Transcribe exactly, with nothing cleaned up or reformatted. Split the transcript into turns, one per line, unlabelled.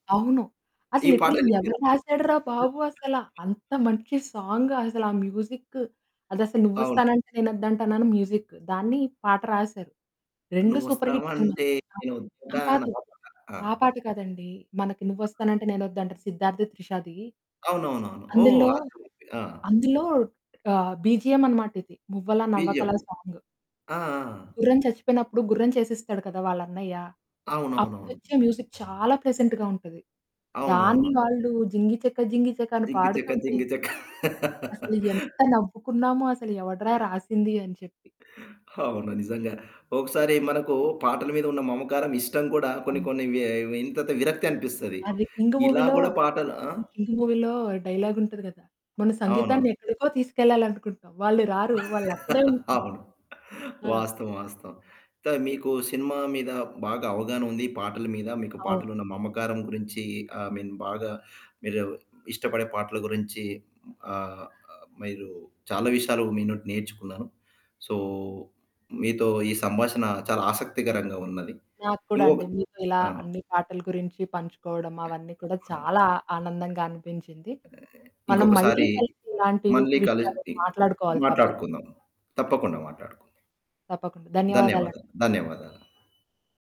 అవును. అసలు
ఈ
లిట్రల్లీ
పాటని మీరు
ఎవరు రాశాడురా బాబు అసల! అంత మంచి సాంగసలా ఆ మ్యూజిక్కు, అదసలు
అవును.
'నువ్వొస్తానంటే నేనొద్దంటానా' అని మ్యూజిక్కు, దాన్ని పాట రాశారు. రెండు సూపర్ హిట్ సినిమాలు.
నువ్వస్తావంటే నేను
అహా!
ఒద్దంటానా.
కాదు,
ఆ పాటా? ఆ!
ఆ పాట కాదండి, మనకి 'నువ్వొస్తానంటే నేనొద్దంటానా' 'సిద్ధార్థ్', 'త్రిషది'.
అవునవునవును. ఓహ్!
అందులో
అర్థమైంది. ఆ!
అందులో ఆహ్, బీజీఎం అన్నమాట. ఇది 'మువ్వల
బీజీఎం.
నవ్వకలా' సాంగు.
ఆ! ఆ! ఆ!
గుర్రం చచ్చిపోయినప్పుడు గుర్రం చేసిస్తాడు కదా వాళ్ళన్నయ్య,
అవునవునవును.
అప్పుడొచ్చే మ్యూజిక్ చాలా ప్లెజెంట్‌గా ఉంటది. దాన్ని
అవునవును.
వాళ్ళు 'జింగిచక జింగిచక' అని
జింగి చెక
పాడుతుంటే...
జింగి చెక.
అసలు ఎంత నవ్వుకున్నామో! అసలు ఎవడ్రా రాసింది అని చెప్పి.
అవును. నిజంగా. ఒకసారి మనకు పాటల మీద ఉన్న మమకారం, ఇష్టం కూడా, కొన్ని
హ్మ్.
కొన్ని వ్యె వింతతి విరక్తి అనిపిస్తది.
అది 'కింగ్'
ఇలా
మూవీలో,
గూడా పాటలు ఆ!
హ్మ్. 'కింగ్' మూవీలో డైలాగుంటది కదా! "మన సంగీతాన్ని
అవునవును.
ఎక్కడికో తీసుకెళ్లాలనుకుంటాం, వాళ్ళు రారు, వాళ్ళక్కడే ఉంటారు".
అవును.
ఆ!
వాస్తవం, వాస్తవం. త మీకు సినిమా మీద బాగా అవగాహన ఉంది, పాటల మీద, మీకు
అవును.
పాటలున్న మమకారం గురించి, ఐ మీన్, బాగా మీరు ఇష్టపడే పాటల గురించి, హ్మ్. ఆహ్, మీరు చాలా విషయాలు మీ నుండి నేర్చుకున్నాను. సో, మీతో ఈ సంభాషణ చాలా ఆసక్తికరంగా ఉన్నది.
నాకు కూడా
ఇంగొక
అండి. మీతో ఇలా
ఆ!
అన్ని పాటల గురించి పంచుకోవడం, అవన్నీ కూడా
ఆ!
చాలా ఆనందంగా అనిపించింది. మనం మళ్ళీ
ఇంకొకసారి
కలిసి ఇలాంటి
మళ్ళీ
విషయాలు
కలిసి
మాట్లాడుకోవాలి తప్పక్...
మాట్లాడుకుందాం. తప్పకుండా మాట్లాడుకుందాం.
తప్పకుండా. ధన్యవాదాలండి.
ధన్యవాదాలు. ధన్యవాదాలు.